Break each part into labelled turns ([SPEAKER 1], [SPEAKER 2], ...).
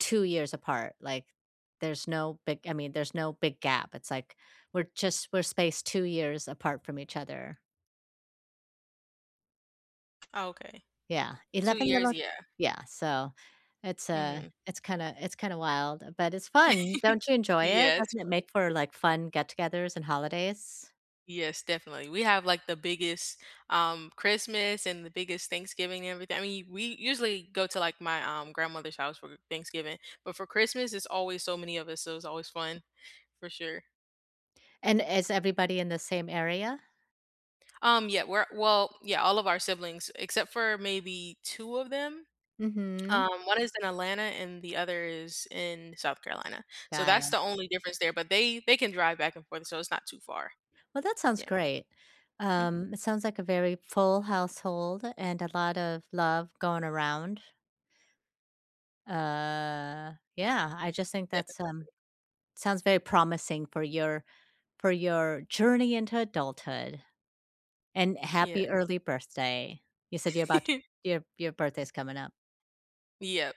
[SPEAKER 1] 2 years apart, like, there's no big I mean, there's no big gap. It's like, we're just we're spaced 2 years apart from each other.
[SPEAKER 2] Okay.
[SPEAKER 1] Yeah,
[SPEAKER 2] 2
[SPEAKER 1] 11
[SPEAKER 2] years,
[SPEAKER 1] little
[SPEAKER 2] yeah.
[SPEAKER 1] Yeah, so it's a
[SPEAKER 2] Mhm.
[SPEAKER 1] it's kinda it's kinda wild, uh, but it's fun. Don't you enjoy it?
[SPEAKER 2] Yeah, it's
[SPEAKER 1] Doesn't it
[SPEAKER 2] fun.
[SPEAKER 1] make for, like, fun get togethers and holidays?
[SPEAKER 2] Yes, definitely. We have, like, the biggest, um, Christmas and the biggest Thanksgiving and everything I mean, we usually go to, like, my, um, grandmother's house for Thanksgiving. But for Christmas it's always so many of us, so it's always fun, for sure.
[SPEAKER 1] And is everybody in the same area?
[SPEAKER 2] Um, yeah, we're well, yeah, all of our siblings except for maybe 2 of them.
[SPEAKER 1] Mhm.
[SPEAKER 2] Um, 1 is in Atlanta and the other is in South Carolina. So,
[SPEAKER 1] Got
[SPEAKER 2] that's
[SPEAKER 1] it.
[SPEAKER 2] the only difference there, but they they can drive back and forth, so it's not too far.
[SPEAKER 1] Well, that sounds
[SPEAKER 2] Yeah.
[SPEAKER 1] great.
[SPEAKER 2] Mhm.
[SPEAKER 1] Um, it sounds like a very full household, and a lot of love going around. Uh, yeah. I just think
[SPEAKER 2] That
[SPEAKER 1] that's, um
[SPEAKER 2] [unintelligible]
[SPEAKER 1] sounds very promising for your for your journey into adulthood. And
[SPEAKER 2] Yeah.
[SPEAKER 1] happy early birthday. You said you're about t your your birthday's coming up.
[SPEAKER 2] Yep.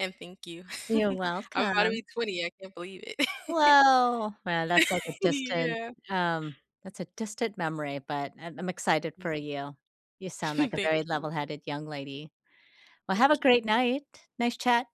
[SPEAKER 2] And thank you.
[SPEAKER 1] You're
[SPEAKER 2] I'm about to
[SPEAKER 1] welcome!
[SPEAKER 2] be 20, I can't believe it.
[SPEAKER 1] Whoa. Well, that's, like, a distant,
[SPEAKER 2] Yeah.
[SPEAKER 1] um that's a distant memory, but I'm I'm excited
[SPEAKER 2] Hmm.
[SPEAKER 1] for you. You sound like a
[SPEAKER 2] Thank
[SPEAKER 1] very
[SPEAKER 2] you.
[SPEAKER 1] level-headed young lady. Well, have a
[SPEAKER 2] Thank you.
[SPEAKER 1] great night. Nice chat.